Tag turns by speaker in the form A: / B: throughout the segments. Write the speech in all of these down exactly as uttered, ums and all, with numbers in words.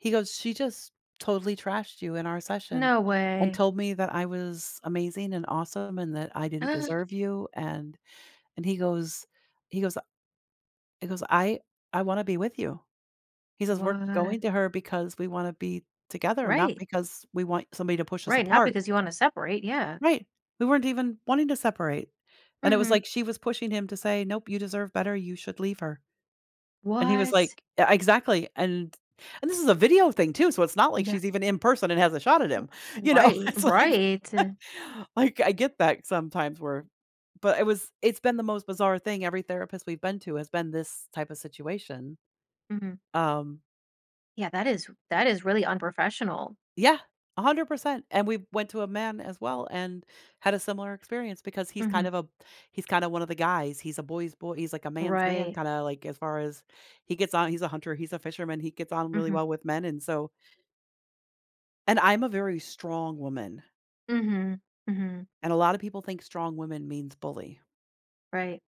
A: He goes, "She just totally trashed you in our session,
B: No
A: and
B: way.
A: told me that I was amazing, and awesome, and that I didn't
B: Ah.
A: deserve you, and" And he goes he goes, uh he goes, "I I wanna be with you." He says, "We're
B: What?
A: going to her because we wanna be together, not
B: Right.
A: because we want somebody to push us
B: Right, not
A: apart."
B: because you wanna separate. Yeah.
A: Right. We weren't even wanting to separate. And it was,
B: Mhm.
A: like, she was pushing him to say, "Nope. You deserve better. You should leave her." And he was
B: What?
A: like uh, exactly. And and this is a video thing too, so it's not like
B: Yeah.
A: she's even in person and has a shot at
B: R
A: him. You know,
B: right,
A: it's like
B: right.
A: like, I get that sometimes where but it was it's been the most bizarre thing. Every therapist we've been to has been this type of situation.
B: Mhm.
A: Um
B: Yeah, that is that is really unprofessional.
A: Yeah, a hundred percent. And we went to a man as well, and had a similar experience because he's kind
B: Mhm.
A: of a he's kinda one of the guys, he's a boy's bo he's like a man's man
B: Right.
A: kinda like, as far as he gets on he's a hunter, he's a fisherman, he gets on really
B: Mhm.
A: well with men, and so And I'm a very strong woman
B: Mhm. Mhm.
A: and a lotta people think strong woman means bully.
B: Right.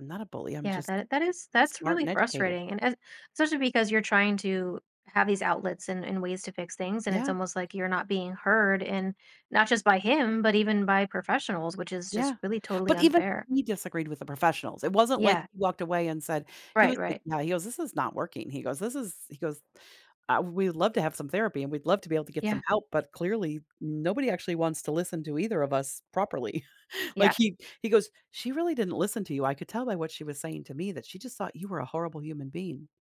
A: I'm not a bully, I'm
B: Yeah.
A: just
B: That that is that's
A: smart
B: really
A: and educated.
B: frustrating, and and especially because you're trying to have these outlets and and ways to fix things, and it's
A: Yeah.
B: almost like you're not being heard in not just by him, but even by professionals, which is just
A: Yeah.
B: really totally
A: But even
B: unfair.
A: he disagreed with the professionals. It wasn't like
B: Yeah.
A: he walked away and said he
B: Right,
A: was like,
B: right.
A: "No." He goes, "This is not working." He goes, "This is" He goes, "Uh, we'd love to have some therapy, and we'd love to be able to get some
B: Yeah.
A: help, but clearly, nobody actually wants to listen to either of us properly."
B: Yeah.
A: Like, he he goes, "She really didn't listen to you. I could tell by what she was saying to me that she just thought you were a horrible human being."